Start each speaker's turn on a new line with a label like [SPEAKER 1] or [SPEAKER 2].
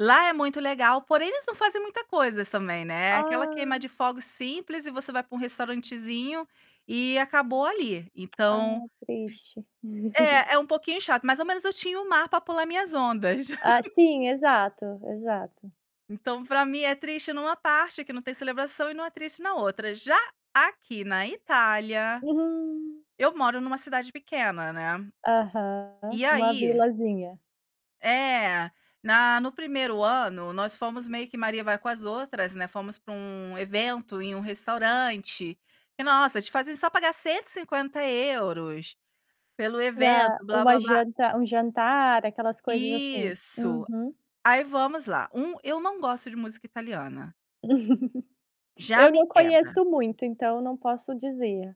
[SPEAKER 1] Lá é muito legal, porém eles não fazem muita coisa, também, né. Aquela queima de
[SPEAKER 2] Ah.
[SPEAKER 1] fogos simples, e você vai para um restaurantezinho, e acabou ali. Então,
[SPEAKER 2] Ah, triste.
[SPEAKER 1] é. É um pouquinho chato. Mas, ao menos, eu tinha o mar pra pular minhas ondas.
[SPEAKER 2] Ah, sim, exato, exato.
[SPEAKER 1] Então, pra mim, é triste numa parte, que não tem celebração, e não é triste na outra. Já aqui na Itália,
[SPEAKER 2] Uhum.
[SPEAKER 1] eu moro numa cidade pequena, né?
[SPEAKER 2] Aham,
[SPEAKER 1] E
[SPEAKER 2] uma
[SPEAKER 1] aí
[SPEAKER 2] vilazinha.
[SPEAKER 1] é, na no 1º ano nós fomos meio que maria-vai-com-as-outras, né? Fomos para um evento em um restaurante, e nossa, te fazem só pagar 150 € pelo
[SPEAKER 2] Pra
[SPEAKER 1] evento, blá,
[SPEAKER 2] uma
[SPEAKER 1] blá, blá.
[SPEAKER 2] janta um jantar, aquelas coisas assim.
[SPEAKER 1] Isso.
[SPEAKER 2] Uhum.
[SPEAKER 1] Aí, vamos lá. Um eu não gosto de música italiana. Já
[SPEAKER 2] Eu
[SPEAKER 1] me
[SPEAKER 2] não
[SPEAKER 1] quebra.
[SPEAKER 2] conheço muito, então, eu não posso dizer.